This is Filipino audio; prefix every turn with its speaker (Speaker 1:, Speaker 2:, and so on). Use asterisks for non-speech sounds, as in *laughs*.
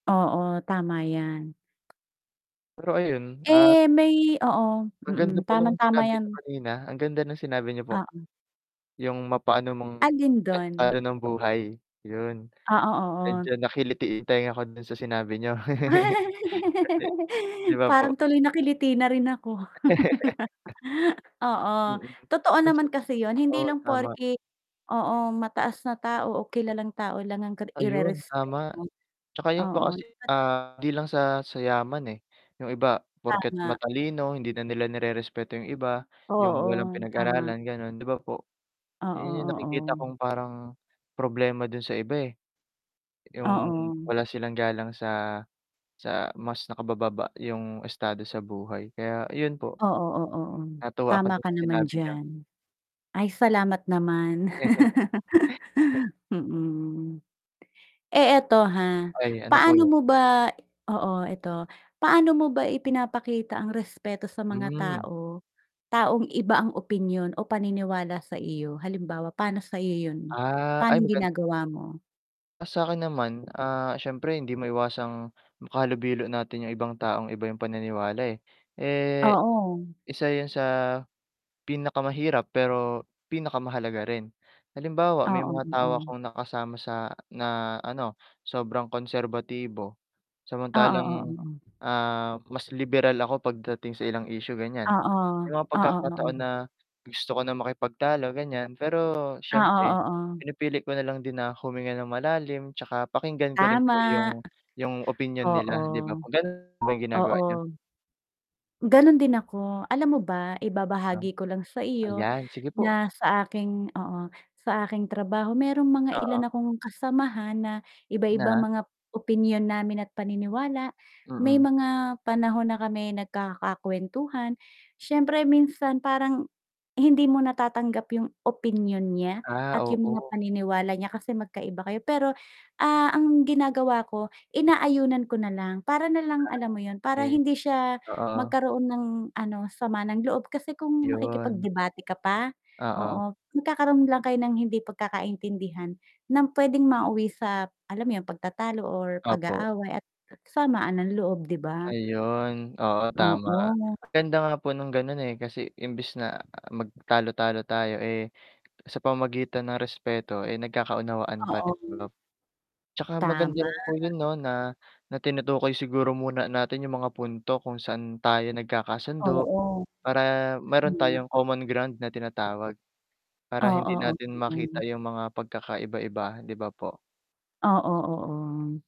Speaker 1: Oo, tama yan.
Speaker 2: Pero ayun, at
Speaker 1: Eh, may oo,
Speaker 2: Ang ganda
Speaker 1: mm,
Speaker 2: po nung
Speaker 1: tamang-tama
Speaker 2: sinabi niyo
Speaker 1: yan.
Speaker 2: kanina, ang ganda ng sinabi niyo po.
Speaker 1: Oo.
Speaker 2: Yung mapaano mang
Speaker 1: Alin
Speaker 2: a
Speaker 1: do'n?
Speaker 2: ano ng buhay 'yun,
Speaker 1: Ah, o
Speaker 2: medyo
Speaker 1: oo.
Speaker 2: nakiliti yung tenga ko do'n sa sinabi niyo. *chuckles*
Speaker 1: *laughs*
Speaker 2: Kasi 'di ba po
Speaker 1: Parang tuloy nakiliti na rin ako. *laughs*
Speaker 2: *chuckles*
Speaker 1: Oo,
Speaker 2: Mm,
Speaker 1: totoo
Speaker 2: kasi
Speaker 1: naman kasi 'yun, hindi
Speaker 2: oo,
Speaker 1: lang
Speaker 2: tama.
Speaker 1: porke oo, mataas na tao o kilalang tao lang ang ka ang
Speaker 2: Ayun
Speaker 1: irerespeto
Speaker 2: tama,
Speaker 1: mo.
Speaker 2: 'tsaka yung ano
Speaker 1: Oo,
Speaker 2: kasi,
Speaker 1: dapat
Speaker 2: ah, 'di lang sa, sa yaman, eh, yung iba porket
Speaker 1: Tama.
Speaker 2: matalino hindi na nila nirerespeto yung iba, yung walang
Speaker 1: Oo, tama.
Speaker 2: pinag-aralan gano'n 'di ba po?
Speaker 1: Oo,
Speaker 2: 'Yan yung nakikita
Speaker 1: oo.
Speaker 2: kong parang problema do'n sa iba, eh. Yung
Speaker 1: Oo.
Speaker 2: wala silang galang sa, sa mas nakabababa yung estado sa buhay, kaya ayun po.
Speaker 1: Oo, oo, o,
Speaker 2: Natuwa ako
Speaker 1: tama
Speaker 2: do'n
Speaker 1: ka
Speaker 2: sa
Speaker 1: naman
Speaker 2: sinabi niyo.
Speaker 1: diyan. Ay, salamat naman,
Speaker 2: *chuckles*
Speaker 1: *laughs* mm. Eh, eto, ha,
Speaker 2: Ay, ano po
Speaker 1: paano
Speaker 2: 'yun?
Speaker 1: mo ba oo eto, paano mo ba ipinapakita ang respeto sa mga
Speaker 2: Hmm.
Speaker 1: tao taong iba ang opinyon o paniniwala sa iyo? Halimbawa pa'no sa iyo 'yun,
Speaker 2: Ah, ay
Speaker 1: pa'nong
Speaker 2: magan
Speaker 1: ginagawa mo?
Speaker 2: Ah, sa'kin naman, ah, siyempre hindi maiwasang makahalubilo natin yung ibang taong iba yung paniniwala, eh. Eh,
Speaker 1: Oo.
Speaker 2: isa 'yun sa pinakamahirap pero pinakamahalaga rin, halimbawa may
Speaker 1: Oo,
Speaker 2: mga tao
Speaker 1: oo.
Speaker 2: akong nakasama sa na ano sobrang konserbatibo,
Speaker 1: Oo, oo,
Speaker 2: samantalang,
Speaker 1: o.
Speaker 2: ah, mas liberal ako pagdating sa ilang issue ganiyan.
Speaker 1: Oo,
Speaker 2: May mga
Speaker 1: oo, oo,
Speaker 2: pagkakataon
Speaker 1: o.
Speaker 2: na gusto ko na makipagtalo ganiyan pero
Speaker 1: Oo,
Speaker 2: siyempre
Speaker 1: oo.
Speaker 2: pinipili ko nalang din na huminga ng malalim, 'tsaka pakinggan ko rin
Speaker 1: Tama.
Speaker 2: po yung yung opinyon
Speaker 1: Oo.
Speaker 2: nila 'di ba po. Gano'n po ba yung ginagawa niyo?
Speaker 1: Oo. Gano'n din ako, alam mo ba
Speaker 2: Tam
Speaker 1: ibabahagi ko lang sa iyo
Speaker 2: ayan, sige po
Speaker 1: na sa aking oo, sa aking trabaho mayrong mga
Speaker 2: Oo.
Speaker 1: ilan akong kasamahan na iba-iba
Speaker 2: Na?
Speaker 1: mga opinyon namin at paniniwala. May
Speaker 2: Mm.
Speaker 1: mga panahon na kami nagkaka-kuwentuhan, siyempre minsan parang, hindi mo natatanggap yung opinyon niya
Speaker 2: Ah,
Speaker 1: at yung mga
Speaker 2: oo.
Speaker 1: paniniwala niya kasi magkaiba kayo, pero, ah, ang ginagawa ko inaayunan ko nalang para nalang alam mo 'yun,
Speaker 2: *unintelligible*
Speaker 1: para
Speaker 2: eh
Speaker 1: hindi siya
Speaker 2: oo.
Speaker 1: magkaroon ng ano sama ng loob kasi kung
Speaker 2: 'Yon.
Speaker 1: makikipag-debate ka pa,
Speaker 2: Oo.
Speaker 1: oo magkakaroon lang kayo ng hindi pagkakaintindihan, ng puwedeng mauwi sa alam mo 'yun pagtatalo or
Speaker 2: Opo.
Speaker 1: pag-aaway at samaan ng loob, 'di ba?
Speaker 2: Ayun, oo tama,
Speaker 1: Oo.
Speaker 2: ang ganda nga po nung gano'n, eh, kasi imbis na mag talo-talo tayo, eh, sa pamamagitan ng respeto, eh, nagkakaunawaan pa rin, 'di ba
Speaker 1: Oo.
Speaker 2: po? 'Tsaka maganda
Speaker 1: Tama.
Speaker 2: rin po 'yun 'no na, na tinutukoy siguro muna natin yung mga punto kung saan tayo nagkakasundo,
Speaker 1: Oo,
Speaker 2: para mayro'n
Speaker 1: tama.
Speaker 2: tayong common ground na tinatawag. Para
Speaker 1: Oo,
Speaker 2: hindi
Speaker 1: oo,
Speaker 2: natin
Speaker 1: ganon.
Speaker 2: makita yung mga pagkakaiba-iba 'di ba po?
Speaker 1: Oo, oo.